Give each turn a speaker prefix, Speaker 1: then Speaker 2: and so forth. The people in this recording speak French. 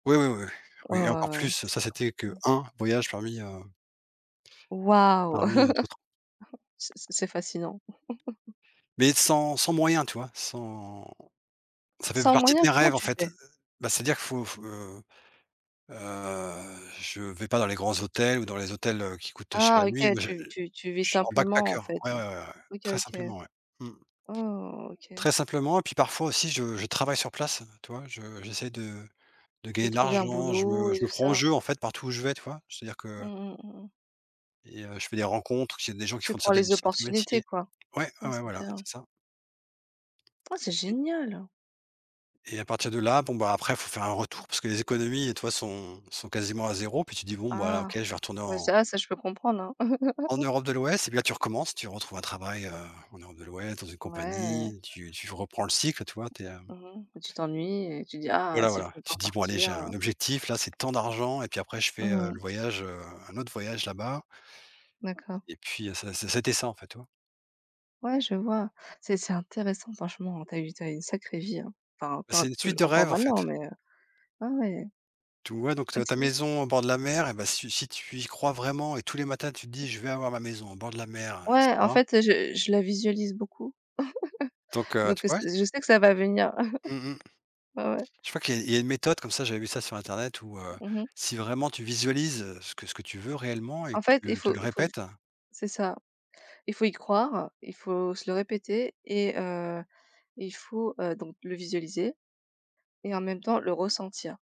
Speaker 1: Oui, oui, oui,
Speaker 2: Ouais,
Speaker 1: oui et encore
Speaker 2: ouais, ouais,
Speaker 1: plus.
Speaker 2: c
Speaker 1: Ça, c'était
Speaker 2: mmh.
Speaker 1: qu'1 voyage parmi, heu
Speaker 2: Waouh!
Speaker 1: parmi, heu, d'autres.
Speaker 2: C'est c'est fascinant.
Speaker 1: Mais sans sans moyens, tu vois? Sans ça fait p
Speaker 2: Sans
Speaker 1: partie de
Speaker 2: moyen,
Speaker 1: mes
Speaker 2: comment
Speaker 1: rêves, en
Speaker 2: tu
Speaker 1: fait.
Speaker 2: fais?
Speaker 1: Bah, c'est-à-dire qu'il faut faut, heu heu, je vais pas dans les grands hôtels ou dans les hôtels, heu, qui coûtent, heu, cher
Speaker 2: Ah,
Speaker 1: la nuit,
Speaker 2: OK,
Speaker 1: mais je, heu,
Speaker 2: tu tu tu vis
Speaker 1: je suis en
Speaker 2: simplement, en
Speaker 1: backpacker.
Speaker 2: fait,
Speaker 1: Ouais, ouais,
Speaker 2: ouais.
Speaker 1: ouais, ouais,
Speaker 2: OK
Speaker 1: très
Speaker 2: OK.
Speaker 1: simplement, ouais, mmh.
Speaker 2: Oh OK.
Speaker 1: Très simplement, et puis parfois aussi, je je travaille sur place, heu, tu vois? Je j'essaie de de
Speaker 2: De
Speaker 1: gagner de
Speaker 2: trouver un
Speaker 1: l'argent. Je
Speaker 2: boulot
Speaker 1: me
Speaker 2: et
Speaker 1: je me
Speaker 2: tout
Speaker 1: prends au
Speaker 2: ça.
Speaker 1: jeu, en fait, partout où je vais, tu vois? C'est-à-dire
Speaker 2: Mmh
Speaker 1: que
Speaker 2: mh. Mmh mh.
Speaker 1: et heu, je fais des rencontres parce qu'il y a des gens qui
Speaker 2: Tu
Speaker 1: font de
Speaker 2: prends
Speaker 1: certaines
Speaker 2: les
Speaker 1: sortes de
Speaker 2: opportunités,
Speaker 1: métiers.
Speaker 2: quoi.
Speaker 1: Ouais, ouais,
Speaker 2: Ouais,
Speaker 1: ouais,
Speaker 2: c'est
Speaker 1: voilà,
Speaker 2: bien.
Speaker 1: c'est ça.
Speaker 2: Ah, c'est
Speaker 1: Et
Speaker 2: génial!
Speaker 1: Et à partir de là, bon, bah, après, il faut faire un retour parce que les économies, tu vois, sont sont quasiment à 0. Puis tu te dis: «Bon, bah, là, OK,
Speaker 2: Ah.
Speaker 1: je vais retourner
Speaker 2: Ouais,
Speaker 1: en»
Speaker 2: ça ah ça, je peux comprendre, hein.
Speaker 1: «en Europe de l'Ouest» et puis là, tu recommences, tu retrouves un travail, heu, en Europe de l'Ouest, dans une
Speaker 2: Ouais.
Speaker 1: compagnie, tu tu v reprends le cycle, tu vois? Tu es, hem
Speaker 2: Mmh mh. Bah, tu t'ennuies et tu dis: «Ah,
Speaker 1: Voilà,
Speaker 2: si je
Speaker 1: voilà,
Speaker 2: peux
Speaker 1: tu
Speaker 2: encore
Speaker 1: te dis: «Bon, bon allez,
Speaker 2: partir,
Speaker 1: j'ai
Speaker 2: heu».
Speaker 1: un objectif, là. C'est tant d'argent et puis après, je fais,
Speaker 2: Mmh
Speaker 1: heu, le
Speaker 2: mh.
Speaker 1: voyage, heu, un autre voyage là-bas».
Speaker 2: D'accord.
Speaker 1: Et puis, heu, ça ça ça a été ça, en fait, tu vois?
Speaker 2: Ouais, je vois, c'est c'est intéressant. Franchement, tu as eu tu as eu une sacrée vie, hein! Enfin,
Speaker 1: Et
Speaker 2: tu en as
Speaker 1: c'est une
Speaker 2: touj
Speaker 1: suite de
Speaker 2: encore
Speaker 1: rêves, en fait.
Speaker 2: maintenant mais heu, ah, ouais.
Speaker 1: Tu vois, donc
Speaker 2: Ah,
Speaker 1: ta ta
Speaker 2: stylé.
Speaker 1: maison au bord de la mer et ben, si u si tu y crois vraiment et tous les matins, tu te dis: «Je vais avoir ma maison au bord de la mer», et
Speaker 2: Ouais, en
Speaker 1: cetera.
Speaker 2: fait, heu, je je la visualise beaucoup.
Speaker 1: Donc heu, tu
Speaker 2: Donc heu,
Speaker 1: p
Speaker 2: ce
Speaker 1: ouais.
Speaker 2: q je sais que ça va venir.
Speaker 1: Mmh mh.
Speaker 2: Ouais, ouais.
Speaker 1: Je crois qu'il y a il y a une méthode comme ça. J'avais vu ça sur internet où, heu,
Speaker 2: Mmh mh.
Speaker 1: si, vraiment tu visualises ce que ce que tu veux réellement et
Speaker 2: En
Speaker 1: que tu
Speaker 2: fait, il
Speaker 1: le tu
Speaker 2: faut
Speaker 1: le
Speaker 2: il faut j
Speaker 1: répètes
Speaker 2: c'est ça. Il faut y croire, il faut se le répéter et heu, il faut, heu, donc le visualiser et en même temps, le ressentir.